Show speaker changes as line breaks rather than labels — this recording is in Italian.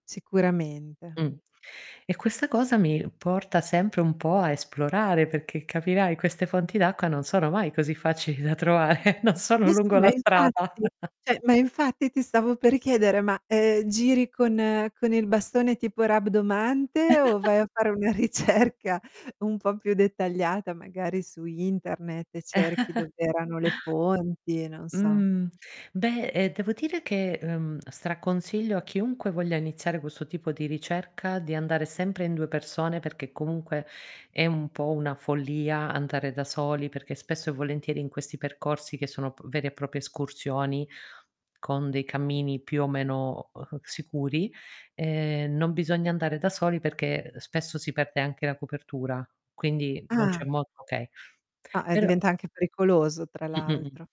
Sicuramente.
Mh. E questa cosa mi porta sempre un po' a esplorare, perché, capirai, queste fonti d'acqua non sono mai così facili da trovare, non sono
Ma sì,
lungo
ma
la strada.
infatti. Cioè, ma infatti ti stavo per chiedere, ma, ehm, giri con con il bastone tipo rabdomante, o vai a fare una ricerca un po' più dettagliata, magari su internet, e cerchi dov'erano le fonti, non so.
Mhmm. Beh, ehm, devo dire che, ehm, straconsiglio a chiunque voglia iniziare questo tipo di ricerca di andare sempre in 2 persone, perché comunque è un po' una follia andare da soli, perché spesso e volentieri in questi percorsi, che sono p veri e proprie escursioni con dei cammini più o meno, uhm, sicuri, ehm, non bisogna andare da soli perché, uhm, spesso si perde anche la copertura, quindi non
Ah.
c'è modo okay.
Ah, e
Però
diventa anche pericoloso tra
Mh-mh-mh.
l'altro.